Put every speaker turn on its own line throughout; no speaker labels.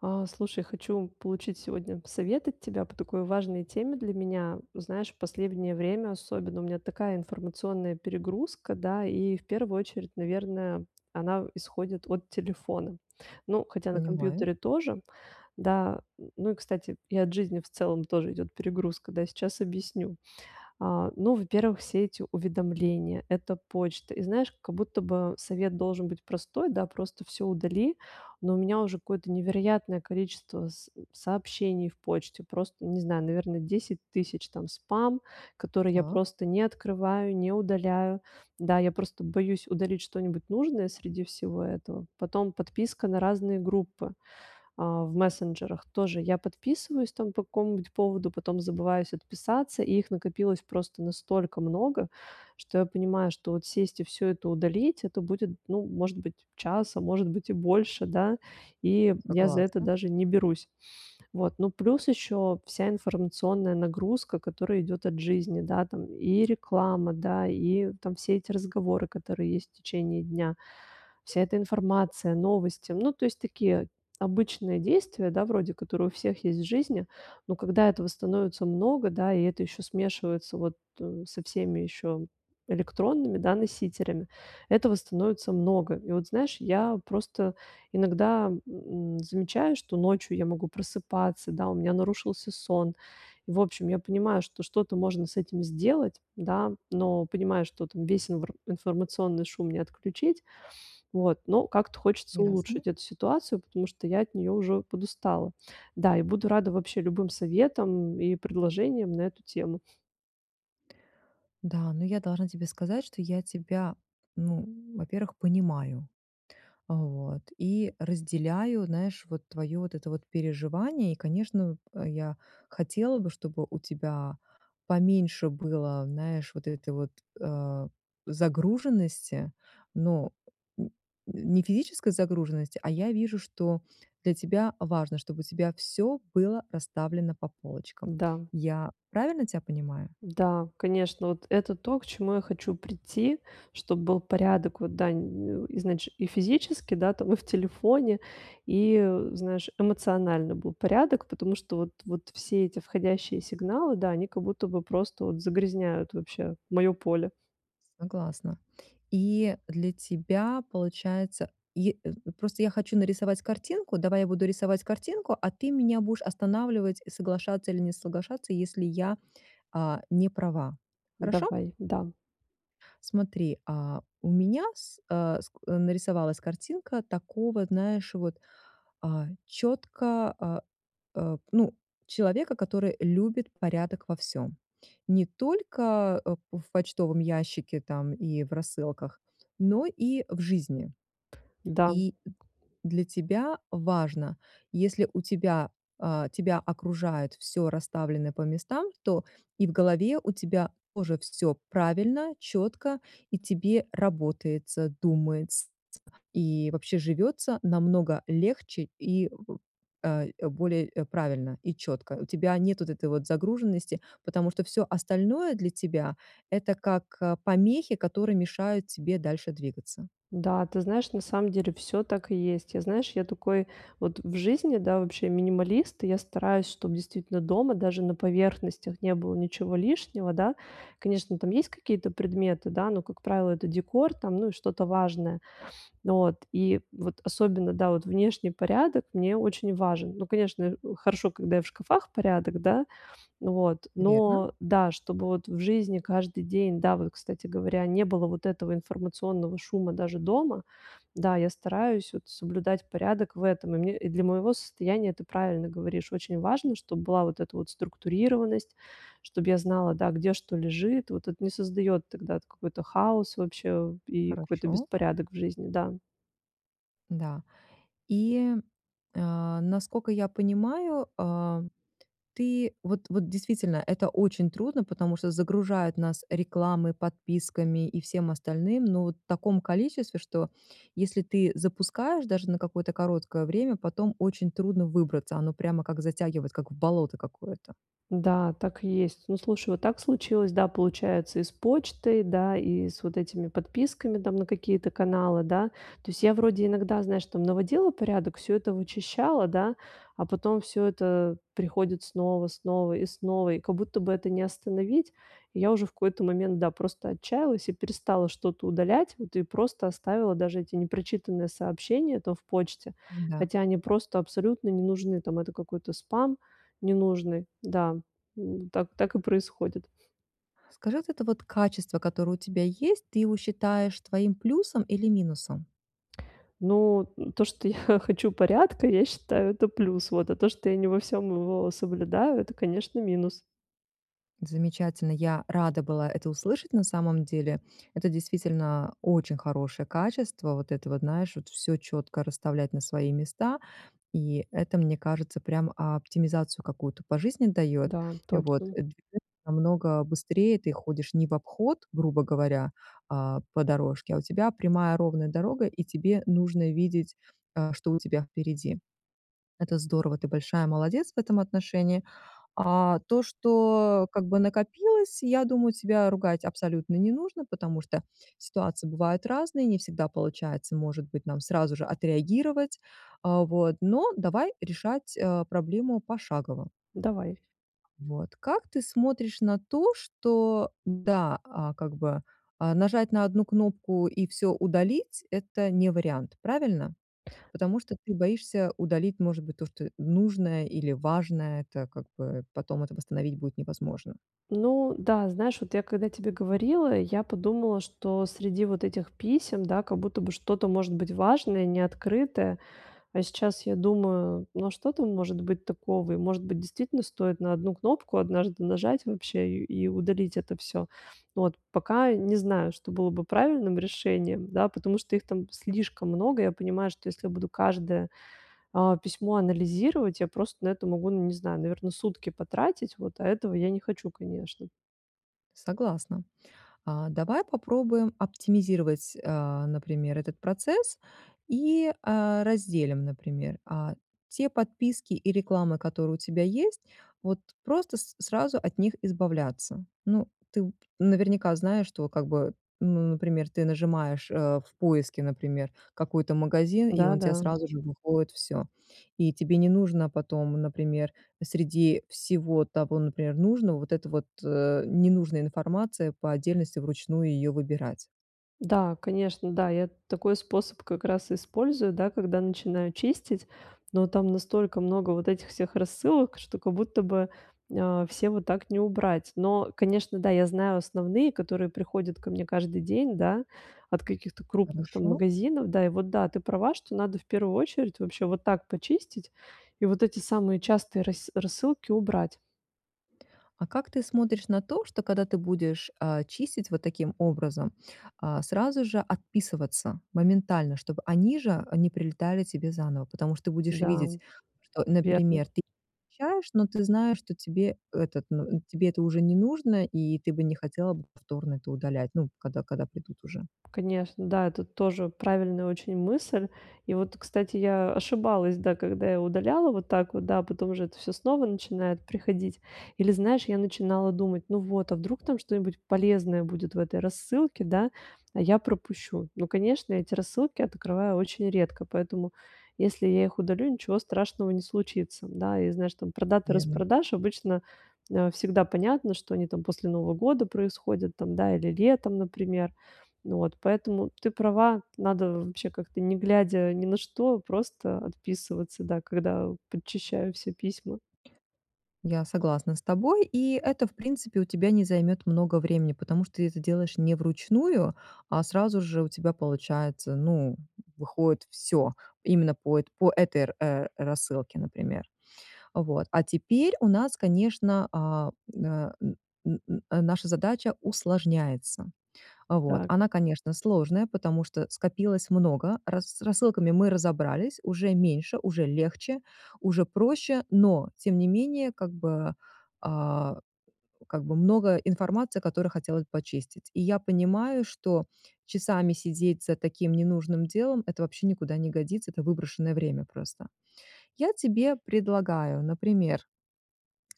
А, слушай, хочу получить сегодня совет от тебя по такой важной теме для меня. Знаешь, последнее время особенно у меня такая информационная перегрузка, да. И в первую очередь, наверное, она, э, исходит от телефона. Ну, хотя на
Понимаю.
компьютере тоже, да. М, ну, и, кстати, и от жизни в целом тоже идёт перегрузка, да. Сейчас объясню. А, ну, во-первых, все эти уведомления, это почта. И знаешь, как будто бы совет должен быть простой, да: "Просто всё удали". Но у меня уже какое-то невероятное количество с сообщений в почте, просто, не знаю, наверное, 10 000. Там спам, который я
Так.
просто не открываю, не удаляю. Да, я просто боюсь удалить что-нибудь нужное среди всего этого. Потом подписка на разные группы, а, в мессенджерах. Тоже я подписываюсь там по какому-нибудь поводу, потом забываюсь отписаться. И их накопилось просто настолько много, что я понимаю, что вот сесть и всё это удалить- это будет, ну, может быть, час, а может быть, и больше, да, и я за это
Согласна.
даже не берусь. Вот, ну, плюс ещё вся информационная нагрузка, которая идёт от жизни, да, там: и реклама, да, и там все эти разговоры, которые есть в течение дня, вся эта информация, новости. Ну, то есть, такие обычные действия, да, вроде, которые у всех есть в жизни, но когда этого становится много, да, и это ещё смешивается вот, э, со всеми ещё электронными, да, носителями. Этого становится много. И вот знаешь, я просто иногда, м, замечаю, что ночью я могу просыпаться, да, у меня нарушился сон. В общем, я понимаю, что что-то можно с этим сделать, да, но понимаю, что там весь инвр информационный шум не отключить. Вот, но как-то хочется
Ясно.
улучшить эту ситуацию, потому что я от неё уже подустала. Да, и буду рада вообще любым советам и предложениям на эту тему.
Да, но я должна тебе сказать, что я тебя, ну, во-первых, понимаю. Вот, и разделяю, знаешь, вот твое вот это вот переживание. И конечно, я хотела бы, чтобы у тебя поменьше было, знаешь, вот этой вот, э, загруженности, но, м, н не физической загруженности, а я вижу, что для тебя важно, чтобы у тебя всё было расставлено по полочкам.
Да.
Я правильно тебя понимаю?
Да, конечно, вот это то, к чему я хочу прийти, чтоб был порядок, вот, да, изнач и физически, да, там, и в телефоне, и, э, знаешь, эмоционально был порядок, потому что вот вот все эти входящие сигналы, да, они как будто бы просто вот загрязняют вообще моё поле.
Согласна. И для тебя получается й э, просто я хочу нарисовать картинку. Давай я буду рисовать картинку, а ты меня будешь останавливать, и соглашаться или не соглашаться, если я, а, не права. Хорошо?
Давай. Да.
Смотри, а, у меня с а, скл нарисовалась картинка такого, знаешь, вот, а, четко, а, а, ну, человека, который любит порядок во всём. Не только, а, в почтовом ящике там и в рассылках, но и в жизни.
Да.
И для тебя важно: если у тебя а, тебя окружает всё расставленное по местам, то и в голове у тебя тоже все правильно, четко, и тебе работается, думаетс и вообще живется намного легче, и в, а, более, э, правильно и четко. У тебя нет вот этой вот загруженности, потому что всё остальное для тебя- это как, э, помехи, которые мешают тебе дальше двигаться.
Да, ты знаешь, на самом деле всё так и есть. Я, знаешь, я такой вот в жизни, да, вообще минималист, и я стараюсь, чтоб действительно дома даже на поверхностях не было ничего лишнего, да. Конечно, там есть какие-то предметы, да, но, как правило, это декор, там, ну, и что-то важное. Вот. И вот особенно, да, вот внешний порядок мне очень важен. Ну, конечно, э, хорошо, когда и в шкафах порядок, да, вот,
Верно.
но да, чтобы вот в жизни каждый день, да, вот, кстати говоря, не было вот этого информационного шума даже дома. Да, я стараюсь вот соблюдать порядок в этом, и мне, и для моего состояния, ты правильно говоришь, очень важно, чтоб была вот эта вот структурированность, чтобы я знала, да, где что лежит. Вот это не создает тогда т какой-то хаос вообще и какой-то
Хорошо.
беспорядок в жизни, да.
Да. И, а, наскока я понимаю, а, ты вот вот действительно, это очень трудно, потому что загружают нас рекламой, подписками и всем остальным, но вот в таком количестве, что, если ты запускаешь даже на какое-то короткое время, потом очень трудно выбраться. Оно прямо как затягивать, как в болото какое-то.
Да, так есть. Ну, слушай, вот так случилось. Да, получается и с почтой, да и с вот этими подписками там на какие-то каналы, да. То есть я вроде иногда, знаешь, там наводила порядок, всё это вычищала, да, а потом всё это приходит снова снова и снова, и как будто бы это не остановить. Я уже в какой-то момент, да, просто отчаялась и перестала что-то удалять. Вот и просто оставила даже эти непрочитанные сообщения то в почте.
Да.
Хотя они просто абсолютно не нужны. Там это какой-то спам ненужный. Да, м. Так так и происходит.
Скажите, это вот качество, которое у тебя есть, ты его считаешь твоим плюсом или минусом?
Ну, м, то, что я хочу порядка, я считаю, это плюс. Вот. А то, что я не во всём его соблюдаю, это, конечно, минус.
Замечательно, я рада была это услышать на самом деле. Это действительно очень хорошее качество, вот это вот, знаешь, вот всё четко расставлять на свои места, и это, мне кажется, прям оптимизацию какую-то по жизни дает.
Да,
Вот,
точно.
[unintelligible] намного быстрее, ты ходишь не в обход, грубо говоря, а по дорожке, а у тебя прямая ровная дорога, и тебе нужно видеть, а, что у тебя впереди. Это здорово, ты большая молодец в этом отношении. А то, что, как бы, накопилось, я думаю, тебя ругать абсолютно не нужно, потому что ситуации бывают разные, не всегда получается, может быть, нам сразу же отреагировать, а вот, но давай решать, а, проблему пошагово.
Давай.
Вот. Как ты смотришь на то, что да, а как бы, а, нажать на одну кнопку и всё удалить- это не вариант, правильно? Потому что ты боишься удалить, может быть, то, что нужное или важное. Это как бы потом это восстановить будет невозможно.
Ну да, знаешь, вот я когда тебе говорила, я подумала, что среди вот этих писем, да, как будто бы что-то может быть важное и не открытое. А сейчас я думаю: ну что там может быть такого? И может быть, действительно стоит на одну кнопку однажды нажать вообще и и удалить это всё. Вот. Пока не знаю, что было бы правильным решением, да, потому что их там слишком много. Я понимаю, что если я буду каждое, а, письмо анализировать, я просто на это могу, ну не знаю, наверное, сутки потратить, вот. А этого я не хочу, конечно.
Согласна. А, давай попробуем оптимизировать, э, например, этот процесс и, э, разделим, например, а, те подписки и рекламы, которые у тебя есть, вот просто с сразу от них избавляться. Ну, ты наверняка знаешь, что, как бы, ну, например, ты нажимаешь, э, в поиске, например, какой-то магазин, и он те
Да-да.
сразу же выходит всё. И тебе не нужно потом, например, среди всего того, например, нужного, вот это вот, ненужная информация, по отдельности вручную ее выбирать.
Да, конечно, да, я такой способ как раз использую, да, когда начинаю чистить, но там настолько много вот этих всех рассылок, что как будто бы, а, все вот так не убрать. Но, конечно, да, я знаю основные, которые приходят ко мне каждый день, да, от каких-то крупных, там,
Хорошо?
магазинов, да. И вот да, ты права, что надо в первую очередь вообще вот так почистить и вот эти самые частые рассы рассылки убрать.
А как ты смотришь на то, что, когда ты будешь, э, чистить вот таким образом, э, сразу же отписываться моментально, чтобы они же они прилетали тебе заново, потому что будешь
Да.
видеть, что,
Верно.
например, ты щаешь но ты знаешь, что тебе этот ну, тебе это уже не нужно, и ты бы не хотела бы повторно это удалять, ну, когда когда придут уже?
Конечно, да, это тоже правильная очень мысль. И вот, кстати, я ошибалась, да, когда я удаляла вот так вот, да, потом уже это всё снова начинает приходить. Или знаешь, я начинала думать: "Ну вот, а вдруг там что-нибудь полезное будет в этой рассылке, да, а я пропущу". Ну, конечно, эти рассылки открываю очень редко, поэтому если я их удалю, ничего страшного не случится. Да, и знаешь, там, про даты
Верно.
распродаж обычно, э, всегда понятно, что они там после Нового года происходят, там, да, или летом, например. Вот, поэтому ты права, надо вообще как-то не глядя ни на что, просто отписываться, да, когда подчищаю все письма.
Я согласна с тобой, и это, в принципе, у тебя не займет много времени, потому что ты это делаешь не вручную, а сразу же у тебя получается, ну, выходит всё именно по это по этой, э, рассылке, например. Вот, а теперь у нас, конечно, э, м, э, н н наша задача усложняется. Вот,
Так.
она, конечно, сложная, потому что скопилось много, рассы с рассылками мы разобрались, уже меньше, уже легче, уже проще, но тем не менее, как бы, э, как бы много информации, которую хотелось почистить. И я понимаю, что часами сидеть за таким ненужным делом- это вообще никуда не годится, это выброшенное время просто. Я тебе предлагаю, например,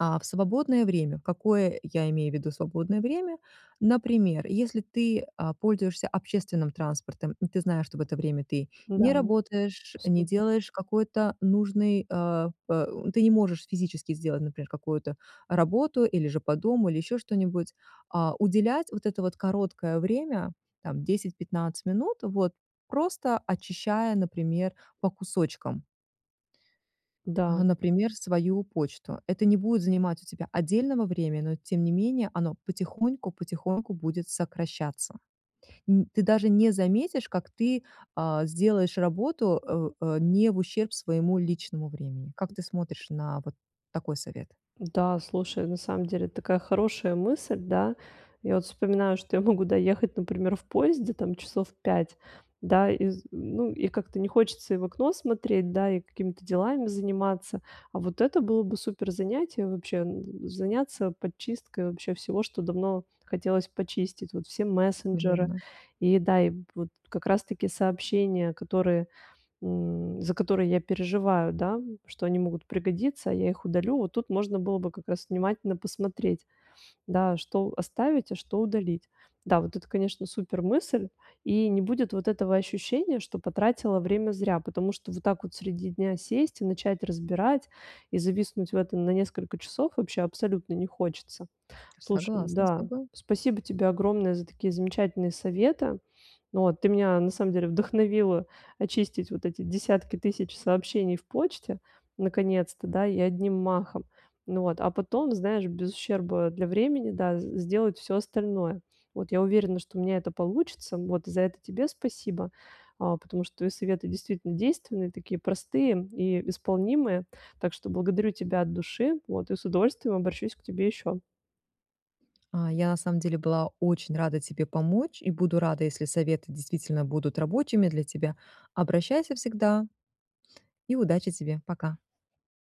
а, в свободное время, какое я имею в виду свободное время? Например, если ты, а, пользуешься общественным транспортом, ты знаешь, что в это время ты
Да,
не работаешь, не
супер.
делаешь какой-то нужной, э, э, ты не можешь физически сделать, например, какую-то работу или же по дому, или ещё что-нибудь, а, уделять вот это вот короткое время, там, 10-15 минут, вот просто очищая, например, по кусочкам
Да.
а, например, свою почту. Это не будет занимать у тебя отдельного времени, но тем не менее оно потихоньку потихоньку будет сокращаться. Н ты даже не заметишь, как ты, а, сделаешь работу, э, э, не в ущерб своему личному времени. Как ты смотришь на вот такой совет?
Да, слушай, на самом деле такая хорошая мысль, да. Я вот вспоминаю, что я могу доехать, например, в поезде, там, часов 5, да, из ну и как-то не хочется и в окно смотреть, да, и какими-то делами заниматься. А вот это было бы супер занятие. Вообще, н заняться подчисткой вообще всего, что давно хотелось почистить. Вот все мессенджеры
Наверно.
и, да, и вот как раз-таки сообщения, которые, м, за которые я переживаю, да, что они могут пригодиться, а я их удалю. Вот тут можно было бы как раз внимательно посмотреть, да, что оставить, а что удалить. Да, вот это, конечно, супер мысль. И не будет вот этого ощущения, что потратила время зря, потому что вот так вот среди дня сесть и начать разбирать, и зависнуть в этом на несколько часов вообще абсолютно не хочется. Слушай,
Согласна с
да,
тобой.
спасибо тебе огромное за такие замечательные советы. Вот, ты меня на самом деле вдохновила очистить вот эти десятки тысяч сообщений в почте наконец-то, да, и одним махом. Ну вот, а потом, знаешь, без ущерба для времени, да, сделать всё остальное, вот. Я уверена, что у меня это получится, вот. За это тебе спасибо, а, потому что советы действительно действенные, такие простые и исполнимые. Так что благодарю тебя от души, вот, и с удовольствием обращусь к тебе ещё.
А, я на самом деле была очень рада тебе помочь и буду рада, если советы действительно будут рабочими для тебя. Обращайся всегда! И удачи тебе! Пока.